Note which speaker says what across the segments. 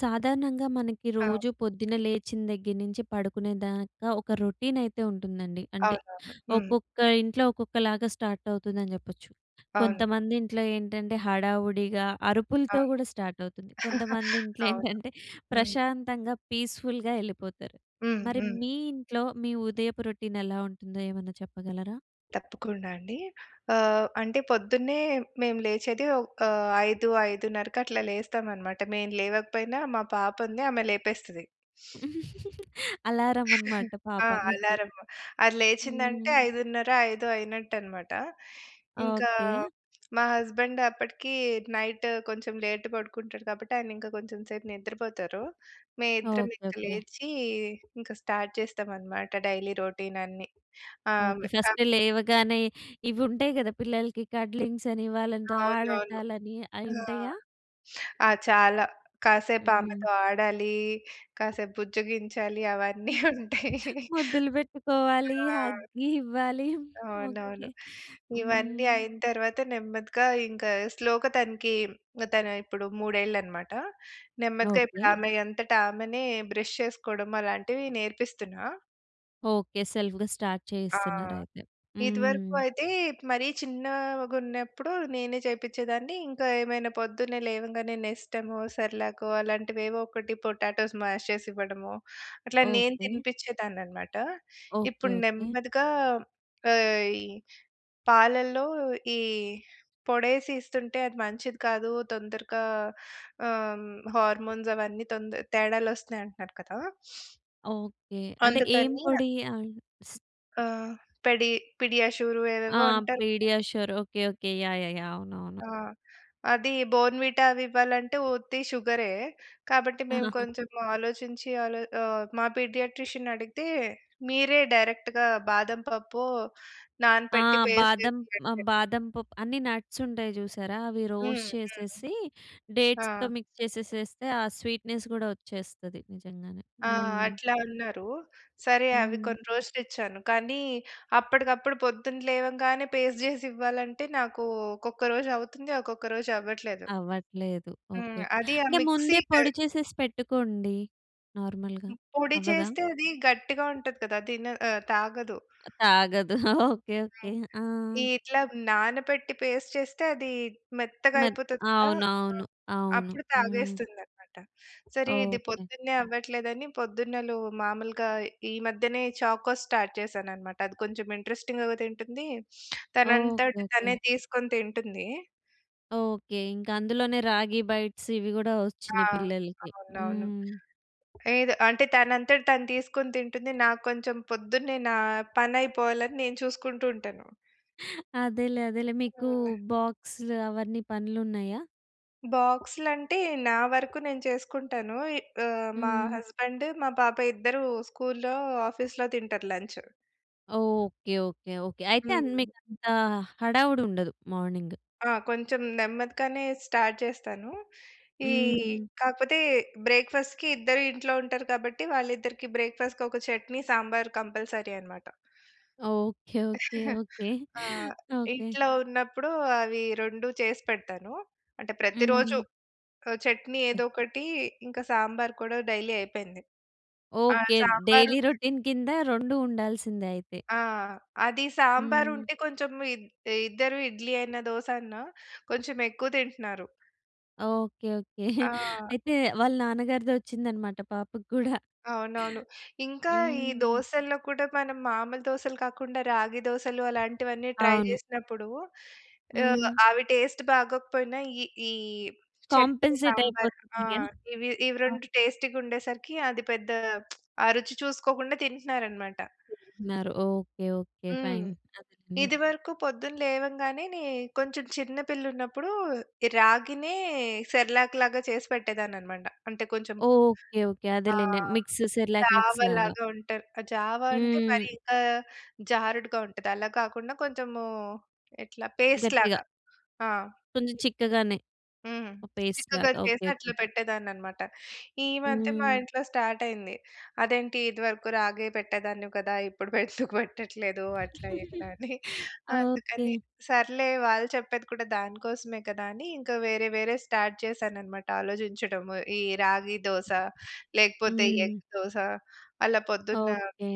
Speaker 1: సాధారణంగా మనకి
Speaker 2: ఆ!
Speaker 1: రోజు పొద్దున్న లేచిన దగ్గర నుంచి పడుకునే దాకా ఒక రొటీన్ అయితే ఉంటుందండి. అంటే
Speaker 2: అవునవును. హ్మ్.
Speaker 1: ఒక్కొక్క ఇంట్లో ఒక్కొక్కలాగా స్టార్ట్ అవుతుందని చెప్పొచ్చు.
Speaker 2: అవును.
Speaker 1: కొంతమంది ఇంట్లో ఏంటంటే హడావుడిగా అరుపులతో
Speaker 2: అవును.
Speaker 1: కూడా స్టార్ట్ అవుతుంది. కొంతమంది ఇంట్లో
Speaker 2: అవును.
Speaker 1: ఏంటంటే
Speaker 2: హ్మ్.
Speaker 1: ప్రశాంతంగా పీస్‌ఫుల్‌గా ఎళ్ళిపోతారు.
Speaker 2: హ్మ్.
Speaker 1: మరి
Speaker 2: హ్మ్.
Speaker 1: మీ ఇంట్లో మీ ఉదయపు రొటీన్ ఎలా ఉంటుందో ఏమన్నా చెప్పగలరా?
Speaker 2: తప్పకుండా అండి. ఆహ్, అంటే పొద్దున్నే మేము లేచేది ఒక 5, 5.30కి అట్లా లేస్తాం అన్నమాట. మేము లేవకపోయినా మా పాప ఉంది ఆమె లేపేస్తది.
Speaker 1: అలారం అన్నమాట
Speaker 2: ఆ!
Speaker 1: పాప మీకు.
Speaker 2: అలారము. అది లేచిందంటే
Speaker 1: హ్మ్.
Speaker 2: 5.30 ఐదో అయినట్టన్నమాట. ఇంకా
Speaker 1: ఓకే.
Speaker 2: మా హస్బెండ్ అప్పటికి నైట్ కొంచెం లేట్ పడుకుంటాడు కాబట్టి ఆయన ఇంకా కొంచెం సేపు నిద్రపోతారు. మేమిద్దరం
Speaker 1: ఓకే.
Speaker 2: ఇంక
Speaker 1: ఓకే.
Speaker 2: లేచి ఇంక స్టార్ట్ చేస్తాం అన్నమాట. డైలీ రొటీన్ అన్ని. ఆహ్
Speaker 1: ఓకే.
Speaker 2: [unintelligible]
Speaker 1: ఫస్ట్ లేవగానే ఇవి ఉంటాయి కదా! పిల్లలకి కడ్లింగ్స్ అని వాళ్ళతో
Speaker 2: అవునవును.
Speaker 1: ఆడటాలని అవి
Speaker 2: ఆ! ఆ!
Speaker 1: ఉంటాయా?
Speaker 2: చాలా. కాసేపు
Speaker 1: హ్మ్.
Speaker 2: ఆమెతో ఆడాలి. కాసేపు బుజ్జగించాలి అవన్నీ ఉంటాయి.
Speaker 1: ముద్దులు పెట్టుకోవాలి. హగ్ ఇవ్వాలి. ఓకే.
Speaker 2: అవునవును. ఇవన్నీ
Speaker 1: హ్మ్.
Speaker 2: అయిన తరువాత నెమ్మదిగా ఇంక స్లో‌గా తనకి తను ఇప్పుడు మూడేళ్ళన్నమాట. నెమ్మదిగా ఇప్పుడు
Speaker 1: ఓకే.
Speaker 2: ఆమె అంతట ఆమెనే బ్రష్ చేసుకోవడం అలాంటివి నేర్పిస్తున్నా.
Speaker 1: ఓకే. సెల్ఫ్‌గా స్టార్ట్
Speaker 2: ఆ!
Speaker 1: చేయిస్తన్నారు అయితే.
Speaker 2: ఇదివరకూ
Speaker 1: హ్మ్.
Speaker 2: అయితే, మరీ చిన్నాగున్నప్పుడు నేనే చేపిచ్చేదాన్ని, ఇంకా ఏమైనా పొద్దున్నే లేవంగానే నెస్టమో, సెర్‌లాకో అలాంటివేవోకటి, పొటాటోస్ మాష్ చేసివ్వడమో, అట్లా నేను
Speaker 1: ఓకే.
Speaker 2: తినిపిచ్చేదాన్ననమాట.
Speaker 1: ఓకే.
Speaker 2: ఇప్పుడు
Speaker 1: ఓకే.
Speaker 2: నెమ్మదిగా ఆహ్, ఈ పాలల్లో ఈ పొడేసి ఇస్తుంటే, అది మంచిది కాదు, తొందరగా ఆహ్, హార్మోన్సవన్నీ తొంద తేడాలొస్తున్నయి అంటన్నారు కదా!
Speaker 1: ఓకే. అంటే, ఏం
Speaker 2: అందుకనీన
Speaker 1: పొడీ? ఆయు ట్స్
Speaker 2: ఆహ్, పెడి పిడియాషూరు
Speaker 1: ఆ!
Speaker 2: ఏవేవో అంటారు కదా!
Speaker 1: PediaSure okay. Okay. Yeah! Yeah! Yeah! అవునవును.
Speaker 2: ఆ! అదీ. బోర్న్‌విటా అవివ్వాలంటే ఉత్తి షుగ‌రే. కాబట్టి, మేము కొంచం ఆలోచించి ఆలో ఆహ్, మా పీడియాట్రీషన్నడిగితే, మీరే డైరెక్ట్‌గా బాదం ప‌ప్పో
Speaker 1: ఆ!
Speaker 2: నానపెట్టి, పేస్ట్
Speaker 1: బాదం
Speaker 2: చేసి
Speaker 1: మ
Speaker 2: పెట్టండి
Speaker 1: బాదం పప్ అన్నీ నట్సుంటయి చూశారా? అవి
Speaker 2: హ్మ్.
Speaker 1: రోస్ట్
Speaker 2: హ్మ్.
Speaker 1: చేసేసీ,
Speaker 2: హా!
Speaker 1: డేట్స్‌తో మిక్స్ చేసెసేస్తే ఆ స్వీట్‌నెస్ గూడా ఒచ్చేస్తది. నిజంగానే.
Speaker 2: ఆ!
Speaker 1: హ్మ్.
Speaker 2: అట్లా అన్నారు. సరే అవి
Speaker 1: హ్మ్.
Speaker 2: కొన్ని రోజులిచ్చాను, కానీ అప్పటికప్పుడు పొద్దున లేవంగానే పేస్ట్ జేసివ్వాలంటే, నాకూ ఒక్కొక్క రోజవుతుంది, ఒకొక్క రోజవ్వట్లేదు.
Speaker 1: అవ్వట్లేదు. ఓకే.
Speaker 2: హ్మ్. అదీ ఆ
Speaker 1: అంటే,
Speaker 2: మిక్సీ
Speaker 1: ముందే
Speaker 2: క్
Speaker 1: పొడి చేసేసి పెట్టుకోండి. నార్మల్‌గా.
Speaker 2: హ్మ్. పొడి
Speaker 1: అవ్వదా?
Speaker 2: చేస్తే అదీ గట్టిగా ఉంటది కదా! తిన ఆహ్, తాగదు.
Speaker 1: అ తాగదు. ఓకే. ఓకే.
Speaker 2: హ్మ్.
Speaker 1: ఆ!
Speaker 2: ఈ ఇట్లా నానపెట్టి, పేస్ట్ చేస్తే అదీ మెత్తగా
Speaker 1: మెత్
Speaker 2: అయిపోతది కదా! ఆ!
Speaker 1: అవునవును. అవును.
Speaker 2: అప్పుడు
Speaker 1: హ్మ్.
Speaker 2: తాగేస్తుందనమాట. సరే ఇది
Speaker 1: ఓకే.
Speaker 2: పొద్దున్నే అవ్వట్లేదని, పొద్దున్న‌లు మామూలుగా ఈ మధ్యనే చాకోస్ స్టార్ట్ చేశాననమాట. అది కొంచమింట్రస్టింగుగా తింటుందీ, తనంతట
Speaker 1: ఓకే. ఓకే.
Speaker 2: తనే తీసుకొని తింటుంది
Speaker 1: ఓకే. ఇంక అందులోనే రాగి బైట్స్ ఇవి కూడా
Speaker 2: ఆ!
Speaker 1: వచ్చినాయి పిల్లలకి.
Speaker 2: అవునవును.
Speaker 1: హ్మ్.
Speaker 2: ఏదో అంటే తనంతట తను తీసుకొని తింటుంది. నాకు కొంచెం పొద్దున్నే నా పని అయిపోవాలని నేను చూసుకుంటూ ఉంటాను.
Speaker 1: అదేలే అదేలే. మీకు
Speaker 2: హ్మ్.
Speaker 1: బాక్స్‌లు అవన్నీ పనులున్నాయా?
Speaker 2: బాక్స్‌లు అంటే నా వరకు నేను చేసుకుంటాను. ఇ ఆహ్, మా
Speaker 1: హ్మ్.
Speaker 2: హస్బెండ్, మా పాప ఇద్దరు స్కూల్‌లో, ఆఫీస్‌లో తింటారు లంచ్.
Speaker 1: ఓకే. ఓకే. ఓకే. అయితే అం
Speaker 2: హ్మ్.
Speaker 1: మీకు అంత హడావుడి ఉండదు మార్నింగ్.
Speaker 2: ఆ! కొంచెం నెమ్మదిగానే స్టార్ట్ చేస్తాను. ఈ
Speaker 1: హ్మ్.
Speaker 2: కాకపోతే బ్రేక్ఫాస్ట్‌కి ఇద్దరు ఇంట్లో ఉంటారు కాబట్టి వాళ్ళిద్దరికీ బ్రేక్ఫాస్ట్‌కి ఒక చట్నీ సాంబార్ కంపల్సరీ అనమాట.
Speaker 1: ఓకే. ఓకే. ఓకే.
Speaker 2: ఆ!
Speaker 1: ఓకే.
Speaker 2: ఇంట్లో ఉన్నప్పుడు అవి 2 చేసి పెడతాను. అంటే ప్రతి రోజు
Speaker 1: హ్మ్.
Speaker 2: ఆహ్, చట్నీ ఏదో ఒకటి ఇంకా సాంబార్ కూడా డైలీ అయి‌పేంది. ఆహ్,
Speaker 1: ఓకే.
Speaker 2: సాంబారూ
Speaker 1: డైలీ రొటీన్ కింద 2 ఉండాల్సిందే అయితే.
Speaker 2: ఆ! అది సాంబార్
Speaker 1: హ్మ్.
Speaker 2: ఉంటే. కొంచెం ఇద్ ఇద్దరు ఇడ్లీ అయినా, దోస అన్నా కొంచెం ఎక్కువ తింటున్నారు.
Speaker 1: ఓకే. ఓకే.
Speaker 2: ఆ!
Speaker 1: అయితే వాళ్ళ నాన్న గారిదె వచ్చిందన్నమాట పాపకి కూడా.
Speaker 2: అవునవును. ఇంకా ఈ
Speaker 1: హ్మ్.
Speaker 2: దోసల్లో కూడా మనం మామూలు దోసలు కాకుండా, రాగి దోసలు అలాంటివన్నీ ట్రై
Speaker 1: అవును.
Speaker 2: చేసినప్పుడు ఆహ్,
Speaker 1: హ్మ్.
Speaker 2: అవి టేస్ట్ బాగోకపోయినా ఈ, ఈ చట్నీ,
Speaker 1: కాంపెన్సేట్
Speaker 2: సాంబార్
Speaker 1: అయిపోతున్నాయా?
Speaker 2: ఆహ్, ఇవి, ఇవి
Speaker 1: ఆ!
Speaker 2: 2 టేస్టీగా ఉండేసరికి అది పెద్ద ఆ రుచి చూసుకోకుండా తింటున్నారన్నమాట.
Speaker 1: తిన్నారు. Okay, okay
Speaker 2: hmm.
Speaker 1: ఫైన్. అదేలేండి.
Speaker 2: ఇది వరకు పొద్దున లేవంగానే నే కొంచెం చిన్న పిల్లలు ఉన్నప్పుడు ఈ రాగినే సెర్లాక్ లాగా చేసి పెట్టేదాన్ని అన్నమాట. అంటే కొంచెం
Speaker 1: ఓకే, ఓకే. అదేలేండి.
Speaker 2: ఆహ్,
Speaker 1: మిక్స్ సెర్‌లాక్
Speaker 2: జావ
Speaker 1: మిక్స్ లాగా.
Speaker 2: లాగా ఉంటారు. ఆహ్, జావ అంటే మరి
Speaker 1: హ్మ్.
Speaker 2: ఇంకా జారుడుగా ఉంటది. అలా కాకుండా కొంచెము ఇట్లా పేస్ట్
Speaker 1: గట్టిగా.
Speaker 2: లాగా. ఆ!
Speaker 1: కొంచెం చిక్కగానే.
Speaker 2: హ్మ్.
Speaker 1: ఓహ్! పేస్ట్
Speaker 2: చిక్కగా
Speaker 1: లాగా. ఓకే,
Speaker 2: చేసి
Speaker 1: ఓకే.
Speaker 2: అట్లా పెట్టేదాన్ని అన్నమాట. ఈ మధ్య మా
Speaker 1: హ్మ్.
Speaker 2: ఇంట్లో స్టార్ట్ అయింది. అదేంటి ఇదివరకు రాగే పెట్టేదానివి కదా! ఇప్పుడు ఎందుకు పెట్టట్లేదు? అట్లా ఇట్లా అని.
Speaker 1: ఓకే.
Speaker 2: అందుకని సర్లే వాళ్ళు చెప్పేది కూడా దాని కోసమే కదా! అని ఇంక వేరే వేరే స్టార్ట్ చేశానన్నమాట. ఆలోచించడము ఈ రాగి దోస, లేకపోతే
Speaker 1: హ్మ్.
Speaker 2: ఎగ్ దోస అలా పొద్దున్న.
Speaker 1: ఓకే.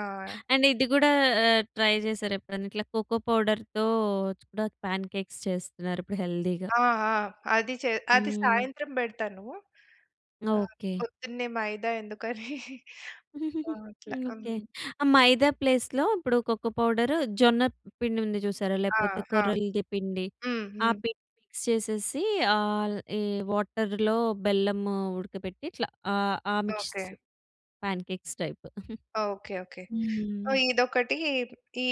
Speaker 2: ఆ!
Speaker 1: అండ్ ఇది కూడా ఆ! ట్రై చేసారా ఎప్పుడైనా? ఇట్లా కోకో పౌడర్‌ తో కూడా పాన్ కేక్స్ చేస్తున్నారు. ఇప్పుడు హెల్తీ‌గా.
Speaker 2: ఆ! ఆ! అది చే అది
Speaker 1: హ్మ్.
Speaker 2: సాయంత్రం పెడతాను. ఆహ్,
Speaker 1: ఓకే.
Speaker 2: పొద్దున్నే మైదా ఎందుకని ఆ! అట్లా.
Speaker 1: ఓకే.
Speaker 2: హ్మ్.
Speaker 1: ఆ మైదా ప్లేస్‌‌ లో ఇప్పుడు కోకో పౌడరు, జొన్న పిండి ఉంది చూసారా?
Speaker 2: ఆ!
Speaker 1: లేకపోతే
Speaker 2: ఆ!
Speaker 1: కొర్రల‌ది పిండి,
Speaker 2: హ్మ్.
Speaker 1: ఆ
Speaker 2: హ్మ్.
Speaker 1: పిండి మిక్స్ చేసేసి ఆల్, ఈ వాటర్‌ లో బెల్లము ఉడకబెట్టి ఇట్లా ah, ah mix
Speaker 2: okay.
Speaker 1: Pancakes type.
Speaker 2: Okay, okay.
Speaker 1: Hmm.
Speaker 2: ఇదొకటి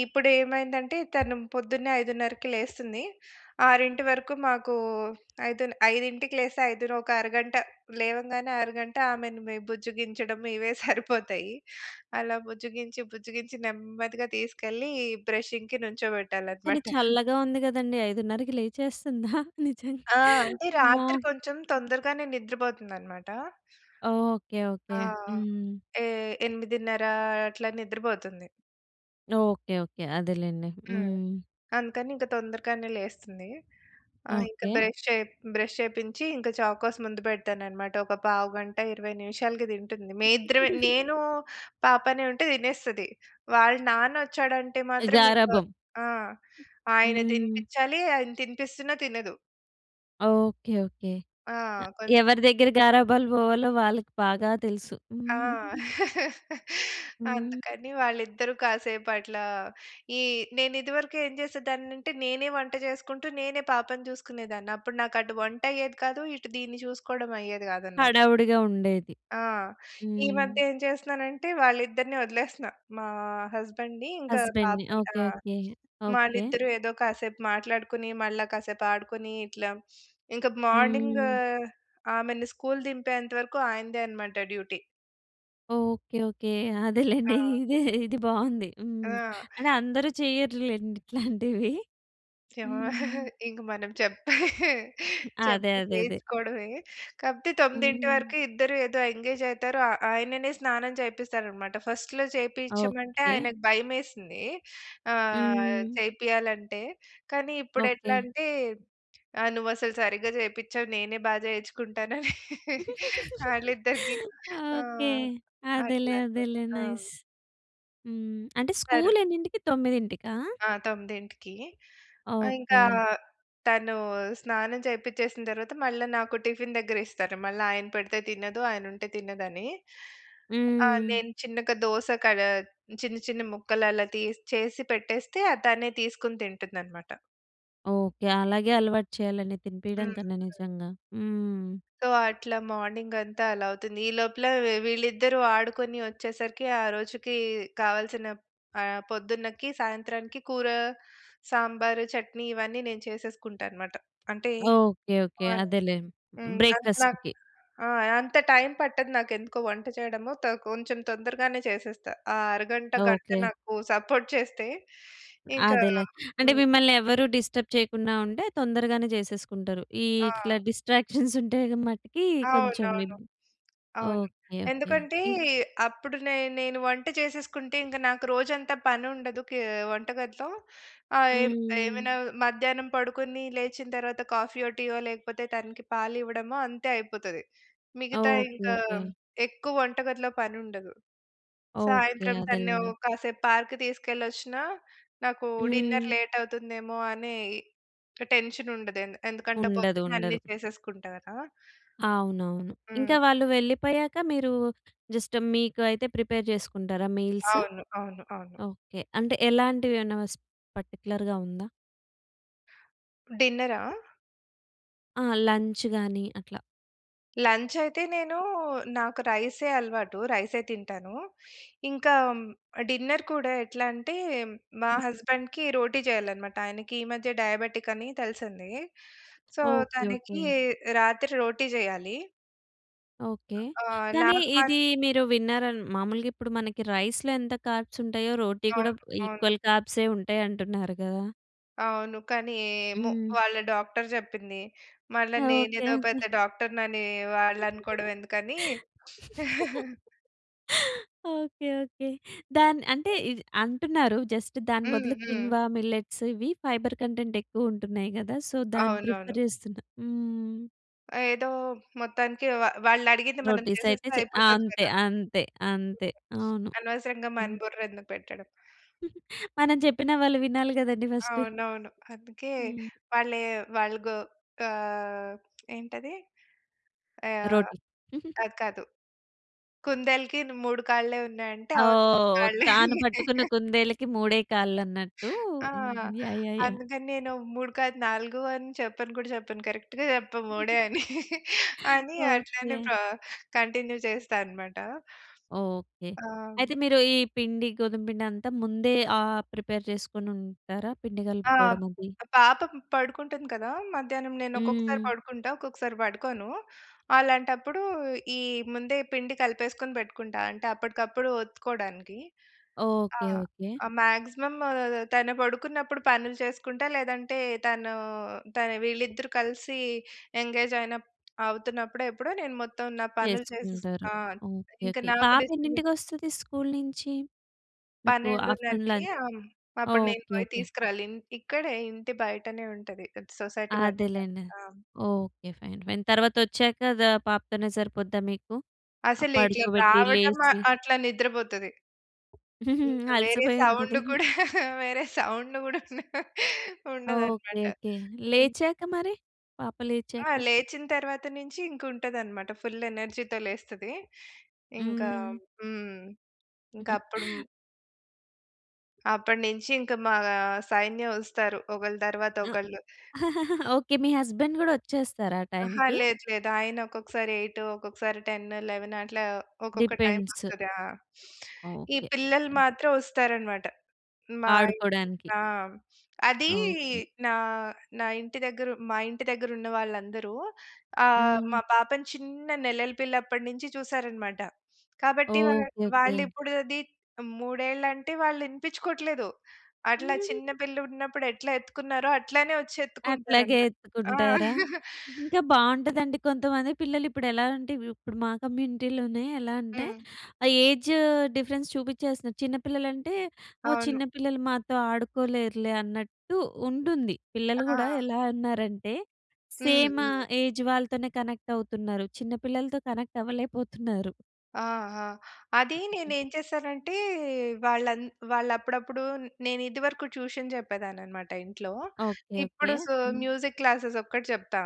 Speaker 2: ఇప్పుడు ఏమైందంటే తను పొద్దున్నే 5:30కి లేస్తుంది. 6:00కి వరకు మాకు ఐదులె 5:00కి లేస్తే ఐదోనొక అరగంట, లేవంగానే అరగంట ఆమెని మేం బుజ్జిగించడం ఇవే సరిపోతాయి. అలా బుజ్జిగించి, బుజ్జిగించి నెమ్మదిగా తీసుకెళ్ళి బ్రషింగ్‌కి
Speaker 1: కానీ
Speaker 2: నించోబెట్టాలన్నమాట.
Speaker 1: చల్లగా ఉంది కదండీ! 5:30కి లేచేస్తుందా నిజంగా?
Speaker 2: ఆ! అంటే
Speaker 1: అమ్మో!
Speaker 2: రాత్రి కొంచెం తొందరగానే నిద్ర పోతుందన్నమాట.
Speaker 1: ఓకే. ఓకే.
Speaker 2: ఆ!
Speaker 1: హ్మ్.
Speaker 2: ఎ 8:30 అట్లా నిద్రపోతుంది.
Speaker 1: ఓకే. ఓకే. అదేలెండి.
Speaker 2: హ్మ్.
Speaker 1: హ్మ్.
Speaker 2: అందుకని ఇక తొందరగానే లేస్తుంది. ఆహ్, ఇంక
Speaker 1: ఓకే.
Speaker 2: బ్రష్ చేప్ బ్రష్ చేపించి ఇంక చాకోస్ ముందు పెడతానన్నమాట. ఒక పావుగంట, 20 నిమిషాలకి తింటుంది. మేమిద్దరమే నేను పాపనే ఉంటే తినేస్తది. వాళ్ళ నాన్నొచ్చాడంటే మాత్రం ఇంక
Speaker 1: గారాబం.
Speaker 2: ఆ! ఆయన
Speaker 1: హ్మ్.
Speaker 2: తినిపించాలి. ఆయన తినిపిస్తున్నా తినదు.
Speaker 1: ఓకే. ఓకే.
Speaker 2: ఆ!
Speaker 1: అ
Speaker 2: కొంచెం.
Speaker 1: ఎవరి దగ్గర గారాబాలు పోవాలో వాళ్ళకి బాగా తెలుసు.
Speaker 2: ఆ!
Speaker 1: హ్మ్.
Speaker 2: అందుకని వాళ్ళిద్దరూ కాసేపట్లా ఈ నేను ఇదివరకు ఏం చేసేదాన్ని అంటే నేనే వంట చేసుకుంటూ, నేనే పాపని చూసుకునేదాన్ని. అప్పుడు నాకు అటు వంట అయ్యేది కాదు. ఇటు దీన్ని చూసుకోవడం అయ్యేది కాదన్నమాట.
Speaker 1: హడావుడిగా ఉండేది.
Speaker 2: ఆ! ఈ
Speaker 1: హ్మ్.
Speaker 2: మధ్య ఏం చేస్తున్నానంటే వాళ్ళిద్దరిని వదిలేస్తున్నా. మా హస్బెండ్‌ని, ఇంక
Speaker 1: హస్బెండ్‌ని.
Speaker 2: పాపని. ఆ!
Speaker 1: ఓకే. ఓకే. ఓకే.
Speaker 2: వాళ్ళిద్దరూ ఏదో కాసేపు మాట్లాడుకొని, మళ్ళా కాసేపు ఆడుకొని ఇట్లా ఇంక మార్నింగ్
Speaker 1: హ్మ్.
Speaker 2: ఆమెని స్కూల్ దింపేంత వరకు ఆయనదే అన్నమాట డ్యూటీ.
Speaker 1: ఓకే. ఓకే. అదేలెండి.
Speaker 2: ఆ!
Speaker 1: ఇదే, ఇది బావుంది. హ్మ్.
Speaker 2: ఆ!
Speaker 1: అంటే అందరూ చెయ్యరులెండి ఇట్లాంటివి. హ్మ్.
Speaker 2: ఇంక మనం చెప్తే,
Speaker 1: అదే
Speaker 2: చెప్పి
Speaker 1: అదే అదే.
Speaker 2: చేయించుకోడవే. కాకపోతే 9
Speaker 1: హ్మ్.
Speaker 2: వరకు ఇద్దరు ఏదో ఎంగేజ్ అయితారు. ఆ ఆయననే స్నానం చేపిస్తారన్నమాట. ఫస్ట్‌లో చేపించమంటే
Speaker 1: ఓకే.
Speaker 2: ఆయనకు భయమేసింది. ఆహ్,
Speaker 1: హ్మ్.
Speaker 2: చేపీయాలంటే. కానీ
Speaker 1: ఓకే.
Speaker 2: ఇప్పుడెట్లా అంటే, ఆహ్ "నువ్వసలు సరిగ్గా చేపించవు. నేనే బాగా చేయించుకుంటానని" ఆళ్ళిద్దరికి
Speaker 1: ఓకే.
Speaker 2: ఆహ్,
Speaker 1: అదేలే.
Speaker 2: అట్లా అనమాట.
Speaker 1: అదేలే
Speaker 2: ఆ!
Speaker 1: నైస్. హ్మ్. అంటే
Speaker 2: సరు
Speaker 1: స్కూలెన్నింటికి 9కా!
Speaker 2: ఆ! 9కి. ఆహ్, ఇంకా
Speaker 1: ఓకే.
Speaker 2: తను స్నానం చేపించేసిన తర్వాత మళ్ళ నాకు టిఫిన్ దగ్గరిస్తారు. మళ్ళీ ఆయన పెడితే తినదు. ఆయన ఉంటే తినదని. ఆహ్,
Speaker 1: హ్మ్.
Speaker 2: నేను చిన్నగా దోస కడ చిన్న చిన్న ముక్కలలా తీసి చేసి పెట్టేస్తే ఆహ్, తనే తీసుకొని తింటుందన్నమాట.
Speaker 1: ఓకె. అలాగే అలవాటు చేయాలండి, తినిపియడం
Speaker 2: హ్మ్.
Speaker 1: కన్నా నిజంగా. హ్మ్.
Speaker 2: సో, అట్లా మార్నింగ్ అంతా అలా అవుతుంది. ఈ లోపల వీళ్ళిద్దరూ ఆడుకొని వచ్చేసరికి, ఆ రోజుకి కావాల్సిన ఆహ్, పొద్దున్నకి సాయంత్రానికి కూర, సాంబారు, చట్నీ ఇవన్నీ నేను చేసేసుకుంటా అనమాట. అంటే
Speaker 1: ఓకె. ఓకె.
Speaker 2: [unintelligible]
Speaker 1: అదేలే
Speaker 2: హ్మ్. అంత్ నాక్
Speaker 1: బ్రేక్‌‌‌‌‌‌‌‌ఫాస్ట్‌కి.
Speaker 2: ఆ! అంత టైమ్ పట్టదు నాకు. ఎందుకో వంట చేయడము. త కొంచెం తొందరగానే చేసేస్తా. ఆ అరగంట, గంట
Speaker 1: ఓకె.
Speaker 2: నాకు సపోర్ట్ చేస్తే ఇంకా
Speaker 1: అదేలే. అంటే
Speaker 2: హ్మ్.
Speaker 1: మిమ్మల్ని ఎవ్వ‌రు డిస్టర్బ్ చేయకుండా ఉంటే, తొందరగానే జేసేసుకుంటారు. ఈ ఇట్లా
Speaker 2: ఆ!
Speaker 1: డిస్ట్రాక్షన్స్ ఉంటే మటికి, కొంచెం
Speaker 2: అవునవును.
Speaker 1: ఇబ్
Speaker 2: అవును.
Speaker 1: ఓకె. ఓకె.
Speaker 2: ఎందుకంటే?
Speaker 1: ఇంక్
Speaker 2: అప్పుడు నే నేను వంట చేసేసుకుంటే ఇంక నాకు రోజంతా పని ఉండదు, కే వంటగదిలో. ఆహ్, ఏమ్
Speaker 1: హ్మ్.
Speaker 2: ఏవై‌నా మధ్యాహ్నం పడుకొని, లేచిన తర్వాత కాఫీ‌యో, టీ‌యో లేకపోతే తనకి పాలు ఇవ్వడమో, అంతే అయిపోతది. మిగతా
Speaker 1: ఓకె.
Speaker 2: ఇంకా,
Speaker 1: ఓకె.
Speaker 2: ఎక్కువ వంటగదిలో పని ఉండదు.
Speaker 1: ఓకె.
Speaker 2: సాయంత్రం తనను
Speaker 1: అదేలెండి.
Speaker 2: ఓ కాసేపు పార్క్‌కి తీసుకెళ్ళొచ్చినా, నాకు డిన్నర్
Speaker 1: హ్మ్.
Speaker 2: లేట్ అవుతుందేమో, అనే టెన్షన్ ఉండదు. ఎందు ఎందుకంటే
Speaker 1: ఉండదు.
Speaker 2: పొద్దున్నే అన్నీ
Speaker 1: ఉండదు.
Speaker 2: చేసేసుకుంటా గదా!
Speaker 1: అవునవును. ఇంకా
Speaker 2: హ్మ్.
Speaker 1: వాళ్ళు వెళ్ళిపోయాక మీరు, జస్ట్ మీకు అయితే ప్రిపేర్ చేసుకుంటారా మీల్సా?
Speaker 2: అవును. అవును. అవును.
Speaker 1: ఓకె. అంటే, ఎలాంటివి ఏమైనా స్ పర్టిక్యులర్‌గా ఉందా?
Speaker 2: డిన్న‌రా?
Speaker 1: ఆ! లంచ్‌గాని అట్లా.
Speaker 2: లంచ్ అయితే నేను నాకు రై‌సే అలవాటు. రై‌సే తింటాను. ఇంకా డిన్నర్ కూడా ఎట్లా అంటే మా
Speaker 1: హ్మ్.
Speaker 2: హస్బెండ్‌కి రోటీ చేయాలనమాట. ఆయనకి ఈ మధ్య డయాబెటిక్ అని తెలిసింది. So
Speaker 1: okay.
Speaker 2: తనకి
Speaker 1: ఓకే.
Speaker 2: రాత్రి రోటీ చేయాలి.
Speaker 1: ఓకే.
Speaker 2: ఆ! ఆ!
Speaker 1: కానీ
Speaker 2: నాకు మా
Speaker 1: ఇది మీరు విన్నారా? మాములుగా ఇప్పుడు మనకి రైస్‌లో ఎంత కార్బ్స్ ఉంటాయో, రోటి కూడా
Speaker 2: అవును. అవును.
Speaker 1: ఈక్వల్ కార్బ్‌సే ఉం‌టాయి అంటున్నారు కదా!
Speaker 2: అవును. కానీ, ఏమో
Speaker 1: హ్మ్.
Speaker 2: వాళ్ళ డాక్టర్ చెప్పింది. మళ్ళా
Speaker 1: ఓకే.
Speaker 2: నేనేదో
Speaker 1: ఓకే.
Speaker 2: పెద్ద డాక్టర్ అనే వాళ్ళనుకోవడం ఎందుకని.
Speaker 1: ఓకే. ఓకే. దాన్ అంటే ఇ అంటున్నారు జస్ట్ దాని
Speaker 2: హ్మ్.
Speaker 1: బదులు
Speaker 2: హ్మ్.
Speaker 1: కిన్‌వా, మిల్లెట్‌స్ ఇవి ఫైబర్ కంటెంట్ ఎక్కువ ఉంటున్నాయి కదా! సో దాన్ని
Speaker 2: అవునవును.
Speaker 1: ప్రిఫర్ చేస్తున్నా హ్మ్.
Speaker 2: ఏదో మొత్తానికి వా వాళ్ళ అడిగింది మనం
Speaker 1: రోటీస్ అయితే
Speaker 2: చేసేస్తే
Speaker 1: చే
Speaker 2: అయిపోతది
Speaker 1: అంతే.
Speaker 2: కదా!
Speaker 1: అంతే. అంతే. అవును.
Speaker 2: అనవసరంగా మన
Speaker 1: హ్మ్.
Speaker 2: బుర్ర ఎందుకు పెట్టడం.
Speaker 1: మనం చెప్పిన వాళ్ళు వినాలి కదండీ ఫస్ట్.
Speaker 2: అవునవును. అందుకే
Speaker 1: హ్మ్.
Speaker 2: వా‌ళ్ళే వాళ్ళు గో ఆహ్, ఏంటది? ఆహ్,
Speaker 1: రోటీ.
Speaker 2: అది కాదు. కుందేల్‌కి‌ను మూడు కాళ్ళే ఉన్నాయి అంటే అవును మూడు
Speaker 1: ఓహ్!
Speaker 2: కాళ్ళే అని.
Speaker 1: తాను పట్టుకున్న కుందేలకి మూడే కాళ్ళన్నట్టు
Speaker 2: ఆ!
Speaker 1: హ్మ్. యాహ్! యాహ్! యాహ్!
Speaker 2: అందుకని నేను మూడు కాదు నాలుగు అని చెప్పను కూడా చెప్పను. కరెక్ట్‌గా చెప్పా మూడే అని అని అట్లానే
Speaker 1: ఓకే.
Speaker 2: పా కంటిన్యూ చేస్తా అన్నమాట.
Speaker 1: ఓకే.
Speaker 2: ఆ!
Speaker 1: అయితే మీరు ఈ పిండి గోధుమపిండి అంతా ముందే ఆహ్, ప్రిపేర్ చేసుకొని ఉంటారా పిండి
Speaker 2: ఆ!
Speaker 1: కలుపుకోవడం‌మది?
Speaker 2: పాపం పడుకుంటుంది కదా! మధ్యాహ్నం నేను ఒక్కొక్కసారి
Speaker 1: హ్మ్.
Speaker 2: పడుకుంటా, ఒక్కొక్కసారి పడుకోను. అలాంటప్పుడు ఈ ముందే పిండి కలిపేసుకొని పెట్టుకుంటా. అంటే అప్పటికప్పుడు ఒత్తుకోవడానికి. ఆ!
Speaker 1: ఓకే. ఓకే.
Speaker 2: మాక్సిమం తను పడుకున్నప్పుడు పనులు చేసుకుంటా, లేదంటే తను తను వీళ్ళిద్దరూ కలిసి ఎంగేజ్ అయినప్ అవుతున్నప్పుడో ఎప్పుడో నేను మొత్తం నా పనులు చేసే
Speaker 1: చేసుకుంటారు.
Speaker 2: ఆ!
Speaker 1: ఓకే.
Speaker 2: ఇంక
Speaker 1: ఓకే.
Speaker 2: నాకు
Speaker 1: పాప
Speaker 2: డిస్టర్బెన్
Speaker 1: ఎన్నింటికొస్తది స్కూల్ నుంచి? మీకు ఆఫ్టర్‌నున్
Speaker 2: 12:30కి
Speaker 1: లం
Speaker 2: ఆ! హ్మ్. అప్పుడు నేను
Speaker 1: ఓకే.
Speaker 2: పోయి
Speaker 1: ఓకే.
Speaker 2: తీసుకురాలి. ఇంటి ఇక్కడే ఇంటి బయటనే ఉంటది. సొసైటీ బయటనే
Speaker 1: అదేలెండి.
Speaker 2: ఉంటది. ఆ!
Speaker 1: ఓకే. Fine fine. తర్వాత వచ్చాక ద పాపతోనే సరిపోద్దా మీకు? ఆహ్,
Speaker 2: అసలు ఇట్లా
Speaker 1: పడుకోబెట్టి
Speaker 2: రావటం ఆహ్,
Speaker 1: లేసి.
Speaker 2: అట్లా నిద్ర పోతది. ఇంకా వేరే
Speaker 1: అలసిపోయి
Speaker 2: సౌండ్
Speaker 1: ఉంటది.
Speaker 2: కూడా వేరే సౌండ్ కూడా ఉండ
Speaker 1: ఓకే.
Speaker 2: ఉండదన్నమాట.
Speaker 1: ఓకే.
Speaker 2: హ్మ్.
Speaker 1: లేచాక మరి? పాప
Speaker 2: ఆ!
Speaker 1: లేచాక?
Speaker 2: లేచిన తరువాత నుంచి ఇంక ఉంటదన్నమాట ఫుల్ ఎనర్జీ‌తో లేస్తది. ఇంకా
Speaker 1: హ్మ్.
Speaker 2: హ్మ్. ఇంకా అప్పుడుం అప్పటినుంచి ఇంకా మా సైన్యం వస్తారు. ఒకరి తర్వాత ఒకళ్ళు.
Speaker 1: ఓకే. మీ హస్బండ్ కూడా వచ్చేస్తారా ఆ
Speaker 2: అహా.
Speaker 1: టైమ్‌కి?
Speaker 2: లేదు లేదు. ఆయన ఒక్కొక్కసారి 8 ఒక్కొక్కసారి 10 11 అట్లా ఒక్కొక్క టైమ్
Speaker 1: డిపెండ్స్.
Speaker 2: వస్తది. ఆహ్, ఈ
Speaker 1: ఓకే.
Speaker 2: పిల్లలు మాత్రం వస్తారన్నమాట. మా ఇంటికి
Speaker 1: ఆడుకోవడానికి.
Speaker 2: ఆహ్, అది
Speaker 1: ఓకే.
Speaker 2: నా నా ఇంటి దగ్గర మా ఇంటి దగ్గర ఉన్న వాళ్ళందరూ ఆహ్,
Speaker 1: హ్మ్.
Speaker 2: మా పాపని చిన్న నెలల పిల్లప్పటినుంచి చూసారన్నమాట. కాబట్టి వా
Speaker 1: ఓకే, ఓకే.
Speaker 2: వాళ్ళు ఇప్పుడు అది 3 ఏళ్ళు అంటే వాళ్ళు వినిపించుకోట్లేదు. అట్లా చిన్నపిల్ల ఉన్నప్పుడు ఎట్లా ఎత్తుకున్నారో, అట్లానే వచ్చి ఎత్తుకుంటారు
Speaker 1: అట్లాగే
Speaker 2: అన్నమాట. ఆ!
Speaker 1: ఎత్తుకుంటారా? ఇంకా బాగుంటదండి. కొంతమంది పిల్లలు ఇప్పుడు ఎలా అంటే, ఇప్పుడు మా కమ్యూనిటీ‌లోనే ఎలా అంటే,
Speaker 2: హ్మ్.
Speaker 1: ఆహ్, ఏజ్ డిఫరెన్స్ చూపించేస్తున్నారు. చిన్న పిల్లలంటే ఓహ్!
Speaker 2: అవును.
Speaker 1: చిన్న పిల్లలు మాతో ఆడుకోలేరులే అన్నట్టు ఉంటుంది. పిల్లలు కూడా
Speaker 2: ఆ!
Speaker 1: ఎలా ఉన్నారంటే
Speaker 2: హ్మ్.
Speaker 1: సేమ్
Speaker 2: హ్మ్.
Speaker 1: ఏజ్ వాళ్ళతోనే కనెక్ట్ అవుతున్నారు. చిన్న పిల్లలతో కనెక్ట్ అవ్వలేకపోతున్నారు.
Speaker 2: ఆహా! అది నేను ఏం చేశానంటే వాళ్ళు అం వాళ్ళు అప్పుడప్పుడు నేను ఇదివరకు ట్యూషన్ చెప్పేదాన్ని అన్నమాట ఇంట్లో.
Speaker 1: ఓకే.
Speaker 2: ఇప్పుడు
Speaker 1: okay.
Speaker 2: So,
Speaker 1: hmm.
Speaker 2: Music classes ఒక్కటి చెప్తా.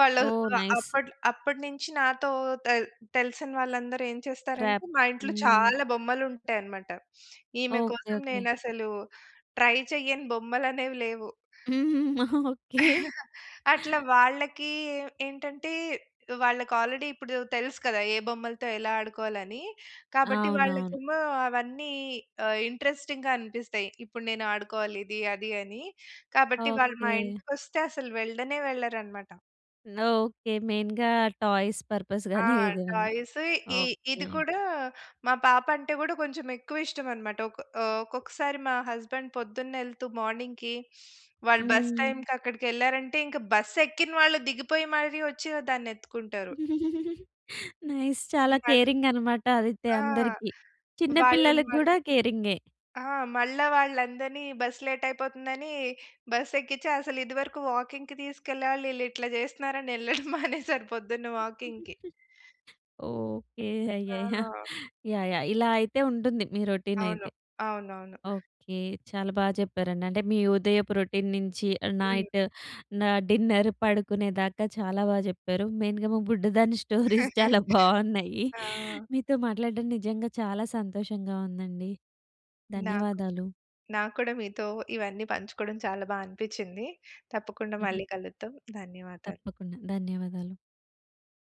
Speaker 2: వాళ్ళు
Speaker 1: ఓహ్!
Speaker 2: ఆహ్,
Speaker 1: నైస్.
Speaker 2: అప్పటి అప్పటి నుంచి నాతో తె తెలిసిన వాళ్ళందరూ ఏం చేస్తారంటే,
Speaker 1: ర్యాప్.
Speaker 2: మా ఇంట్లో
Speaker 1: హ్మ్.
Speaker 2: చాలా బొమ్మలు ఉంటాయన్నమాట. ఈమె
Speaker 1: ఓకే.
Speaker 2: కోసం
Speaker 1: ఓకే.
Speaker 2: నేను అసలు ట్రై చేయని బొమ్మలు అనేవి లేవు.
Speaker 1: ఓకే.
Speaker 2: అట్లా వాళ్ళకి ఏంటంటే వాళ్ళకి ఆల్రెడీ ఇప్పుడు తెలుసు కదా! ఏ బొమ్మలతో ఎలా ఆడుకోవాలని. కాబట్టి
Speaker 1: అవునవును.
Speaker 2: వాళ్ళకేమో అవన్నీ ఆహ్, ఇంట‌రెస్టింగ్‌గా అనిపిస్తాయి. ఇప్పుడు నేను ఆడుకోవాలి, ఇది, అది, అని. కాబట్టి వాళ్ళు మా
Speaker 1: ఓకే.
Speaker 2: ఇంటికి వస్తే అసలు వెళ్ళనే వెళ్ళరన్నమాట.
Speaker 1: నో. ఓకే. మెయిన్‌గా టాయ్స్ పర్‌పస్
Speaker 2: ఆ!
Speaker 1: గాని ఏదేమైనా.
Speaker 2: టాయ్స్ ఇ
Speaker 1: ఓకే.
Speaker 2: ఇది కూడా మా పాప అంటే కూడా కొంచెం ఎక్కువ ఇష్టం అన్నమాట. ఒక ఆహ్, ఒక్కొక్కసారి మా హస్బాండ్ పొద్దున్న వెళ్తూ మార్నింగ్‌కి వాళ్ళు బస్
Speaker 1: హ్మ్.
Speaker 2: టైమ్‌కి అక్కడికి వెళ్ళారంటే ఇంక బస్ ఎక్కిన వాళ్ళు దిగిపోయి మరీ వచ్చి దాన్ని ఎత్తుకుంటారు.
Speaker 1: నైస్. చాలా
Speaker 2: మల్
Speaker 1: కేరింగ్ అన్నమాట ఆదిత్య
Speaker 2: ఆ!
Speaker 1: అందరికి. చిన్న
Speaker 2: వాళ్ళని
Speaker 1: పిల్లలకి కూడా
Speaker 2: మళ్ళీ
Speaker 1: కేరింగే.
Speaker 2: ఆ! మళ్ళా వాళ్ళందరిని బస్ లేట్ అయిపోతుందని, బస్ ఎక్కించి అసలు ఇది వరకు వాకింగ్‌కి తీసుకెళ్ళాలి వీళ్ళు ఇట్లా చేస్తున్నారు అనే వెళ్ళడం మానేశాను పొద్దున్న వాకింగ్‌కి.
Speaker 1: ఓకే. అయ్యయ్యా!
Speaker 2: ఆహా!
Speaker 1: యాహ్! యాహ్! ఇలా అయితే ఉంటుంది మీ రౌటీన్
Speaker 2: అవును.
Speaker 1: అయితే.
Speaker 2: అవునవును.
Speaker 1: ఓకే. చాలా బాగా చెప్పారండి. అంటే మీ ఉదయపు రొటీన్ నుంచి
Speaker 2: హ్మ్.
Speaker 1: నైట్ నా డిన్నర్ పడుకునే దాకా చాలా బాగా చెప్పారు. మెయిన్‌గా మా బుడ్డదాని స్టోరీస్ చాలా బాగున్నాయి.
Speaker 2: ఆ!
Speaker 1: మీతో మాట్లాడడం నిజంగా చాలా సంతోషంగా ఉందండి.
Speaker 2: నాకు
Speaker 1: ధన్యవాదాలు.
Speaker 2: నాక్కూడా మీతో ఇవన్నీ పంచుకోవడం చాలా బాగా అనిపించింది. తప్పకుండా
Speaker 1: హుహు.
Speaker 2: మళ్ళీ కలుద్దాం. ధన్యవాదాలు.
Speaker 1: తప్పకుండా. ధన్యవాదాలు.